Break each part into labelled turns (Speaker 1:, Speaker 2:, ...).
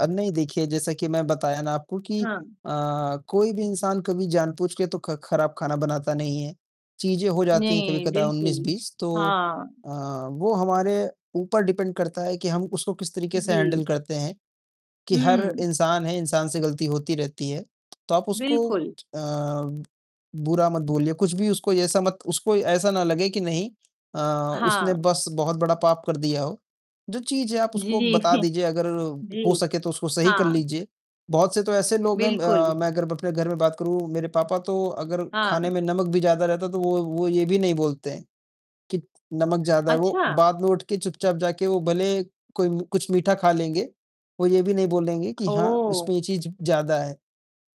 Speaker 1: अब नहीं देखिए, जैसा कि मैं बताया ना आपको कि
Speaker 2: हाँ।
Speaker 1: अ, कोई भी इंसान कभी जानबूझके तो ख़ ख़राब ख़ाना बनाता नहीं है। चीज़ें हो जाती हैं
Speaker 2: नहीं,
Speaker 1: कभी-कदा उन्नीस
Speaker 2: बिल्कुल।
Speaker 1: बीस तो
Speaker 2: हाँ।
Speaker 1: अ, वो हमारे ऊपर डिपेंड करता है कि हम उसको किस तरीक़े से
Speaker 2: जी।
Speaker 1: हैंडल करते हैं, कि हर
Speaker 2: हुँ।
Speaker 1: इंसान है, इंसान से ग़लती होती रहती है। तो आप उसको अ,
Speaker 2: बिल्कुल।
Speaker 1: बुरा मत बोलिए, कुछ भी उसको ऐसा मत उसको ऐसा ना लगे कि नहीं अ, उसने
Speaker 2: हाँ।
Speaker 1: बस बहुत बड़ा पाप कर दिया हो। जो चीज़ है आप उसको
Speaker 2: जी
Speaker 1: बता दीजिए, अगर
Speaker 2: जी।
Speaker 1: हो सके तो उसको सही कर
Speaker 2: हाँ।
Speaker 1: लीजिए। बहुत से तो ऐसे लोग हैं
Speaker 2: बिल्कुल।
Speaker 1: अ, मैं अगर अपने घर में बात करूँ मेरे पापा तो अगर ख़ाने
Speaker 2: हाँ।
Speaker 1: में नमक भी ज़्यादा रहता तो वो वो ये भी नहीं बोलते हैं, कि नमक ज़्यादा है, वो
Speaker 2: अच्छा।
Speaker 1: बाद में उठके चुपचाप जाके वो भले कोई कुछ मीठा ख़ा लेंगे। वो ये भी नहीं बोलेंगे कि हाँ,
Speaker 2: ओह!
Speaker 1: इसमें ये चीज़ ज़्यादा है।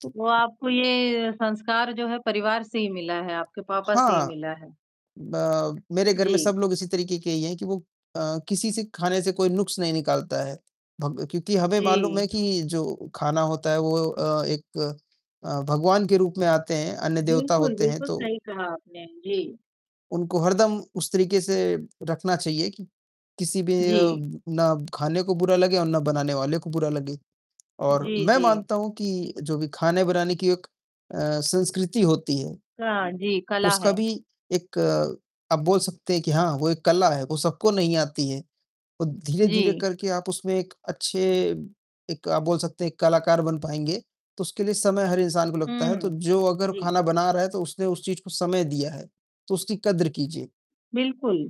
Speaker 1: तो
Speaker 2: तो आपको ये संस्कार जो है परिवार से ही मिला है, आपके पापा से ही
Speaker 1: हाँ,
Speaker 2: मिला है।
Speaker 1: ब मेरे घर में सब
Speaker 2: जी।
Speaker 1: लोग इसी तरीक़े के ही हैं, कि वो अ, किसी से ख़ाने से कोई नुक्स नहीं निकालता है। भग क्योंकि हमें मालूम है
Speaker 2: जी।
Speaker 1: कि जो ख़ाना होता है वो अ, एक अ, भगवान के रूप में आते हैं। अन्न देवता
Speaker 2: बिल्कुल,
Speaker 1: होते हैं
Speaker 2: बिल्कुल
Speaker 1: तो
Speaker 2: सही कहा आपने। जी।
Speaker 1: उनको हरदम उस तरीक़े से रखना चाहिए कि, किसी भी
Speaker 2: जी।
Speaker 1: ना ख़ाने को बुरा लगे और ना बनाने वाले को बुरा लगे। और
Speaker 2: जी,
Speaker 1: मैं
Speaker 2: जी।
Speaker 1: मानता हूँ कि जो भी ख़ाने-बनाने की एक अ, संस्कृति होती है,
Speaker 2: हाँ जी, कला
Speaker 1: उसका
Speaker 2: है।
Speaker 1: भी एक आप बोल सकते हैं कि हाँ वो एक कला है, वो सबको नहीं आती है। औ धीरे-धीरे
Speaker 2: जी।
Speaker 1: करके आप उसमें एक अच्छे एक आप बोल सकते हैं, एक कलाकार बन पाएँगे, तो उसके लिए समय हर इंसान को लगता है। तो
Speaker 2: हुँ,
Speaker 1: जो अगर
Speaker 2: जी।
Speaker 1: ख़ाना बना रहा है, तो उसने उस चीज़ को समय दिया है, तो उसकी कद्र कीजिए।
Speaker 2: बिल्कुल।